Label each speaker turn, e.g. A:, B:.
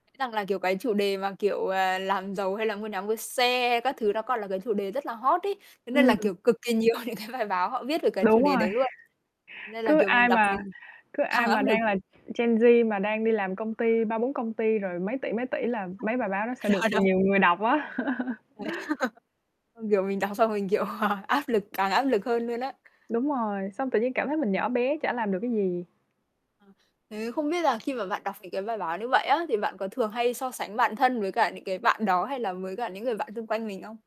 A: Rằng là, kiểu, cái chủ đề mà, kiểu, ờ, làm giàu, hay là mua nhà, mua xe các thứ, nó còn là cái chủ đề rất là hot ấy. Thế nên là,
B: Ừm.
A: kiểu, cực kỳ nhiều những cái bài báo họ viết được cái chủ
B: Đúng
A: đề
B: rồi.
A: đấy luôn. Nên là,
B: Cứ
A: kiểu, mình
B: ai
A: đọc
B: mà
A: mình
B: cứ
A: càng
B: ai mà
A: áp lực.
B: đang là Gen Z mà đang đi làm công ty, 3-4 công ty, rồi mấy tỷ mấy tỷ là mấy bài báo đó sẽ
A: [unintelligible]
B: được
A: Rồi đâu?
B: nhiều người đọc á.
A: Mệt. Ừm, kiểu, mình đọc xong mình, kiểu, à, áp lực càng áp lực hơn luôn á.
B: Đúng rồi, xong tự nhiên cảm thấy mình nhỏ bé, chả làm được cái gì.
A: Ờ, thế không biết là khi mà bạn đọc những cái bài báo như vậy á, thì bạn có thường hay so sánh bản thân với cả những cái bạn đó, hay là với cả những người bạn xung quanh mình không?